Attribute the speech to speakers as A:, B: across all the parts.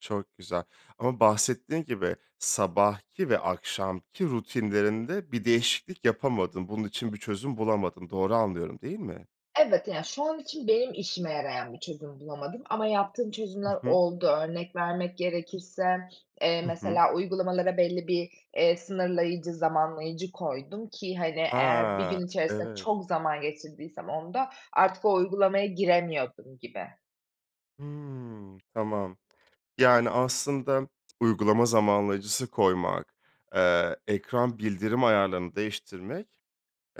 A: Çok güzel ama bahsettiğin gibi sabahki ve akşamki rutinlerinde bir değişiklik yapamadın. Bunun için bir çözüm bulamadın. Doğru anlıyorum, değil mi?
B: Evet, ya, şu an için benim işime yarayan bir çözüm bulamadım ama yaptığım
A: I
B: çözümler
A: hı.
B: oldu. Örnek vermek gerekirse, eee,
A: Hı hı.
B: mesela uygulamalara belli bir, eee, sınırlayıcı, zamanlayıcı koydum ki, hani,
A: He,
B: eğer 1 gün içerisinde
A: evet.
B: çok zaman geçirdiysem onda, artık o uygulamaya giremiyordum gibi.
A: Hıı, tamam. Yani, aslında uygulama zamanlayıcısı koymak, eee, ekran bildirim ayarlarını değiştirmek,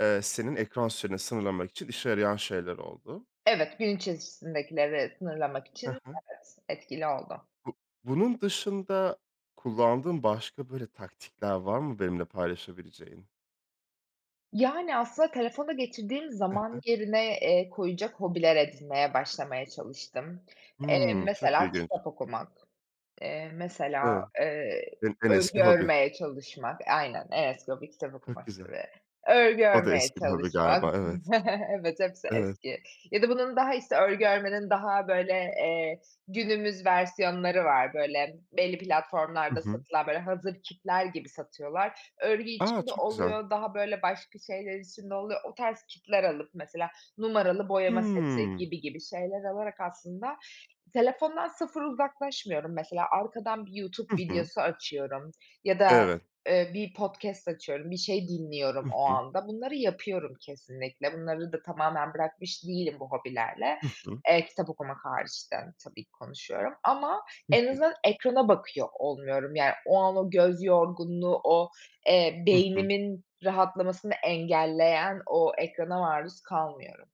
A: eee, senin ekran süreni sınırlamak için işe yarayan şeyler oldu.
B: Evet, gün içerisindekileri sınırlamak
A: Hı
B: için
A: hı.
B: [unintelligible] etkili oldu.
A: Bu bunun dışında kullandığın başka, böyle, taktikler var mı benimle paylaşabileceğin?
B: Yani, aslında, telefonda geçirdiğim
A: Hı
B: zaman
A: hı.
B: yerine, eee, koyacak hobiler edinmeye başlamaya çalıştım. Eee,
A: Hımm, çok
B: mesela
A: ilginç.
B: kitap okumak. Eee, mesela,
A: Evet.
B: eee,
A: En, en eski
B: örgü
A: hobi.
B: örmeye çalışmak. Aynen, en eski hobi kitap
A: Çok güzel.
B: okumaktır ve örgü
A: O da
B: örmeye
A: eski bir hobi
B: çalışmak.
A: galiba, evet.
B: Evet, hepsi
A: Evet.
B: eski ya da bunun, işte, örgü örmenin daha, böyle, eee, günümüz versiyonları var. Böyle, belli
A: Hı
B: platformlarda
A: hı.
B: satılan, böyle, hazır kitler gibi satıyorlar. Örgü
A: A!
B: için de
A: Çok güzel.
B: oluyor, daha, böyle, başka şeyler için de oluyor. O tarz kitler alıp mesela numaralı boyama seti
A: Hıı.
B: gibi gibi şeyler alarak aslında telefondan sıfır uzaklaşmıyorum. Mesela arkadan bir YouTube
A: Hı hı.
B: videosu açıyorum ya da,
A: Evet.
B: eee, bir podcast açıyorum, bir şey dinliyorum
A: Hı
B: o
A: hı.
B: anda. Bunları yapıyorum, kesinlikle. Bunları da tamamen bırakmış değilim bu hobilerle.
A: Hı hı.
B: Eee, kitap okumak hariç de tabii ki konuşuyorum ama
A: Hı
B: en
A: hı.
B: azından ekrana bakıyor olmuyorum. Yani, o an, o göz yorgunluğu, o, eee,
A: Hı hı.
B: beynimin rahatlamasını engelleyen o ekrana maruz kalmıyorum.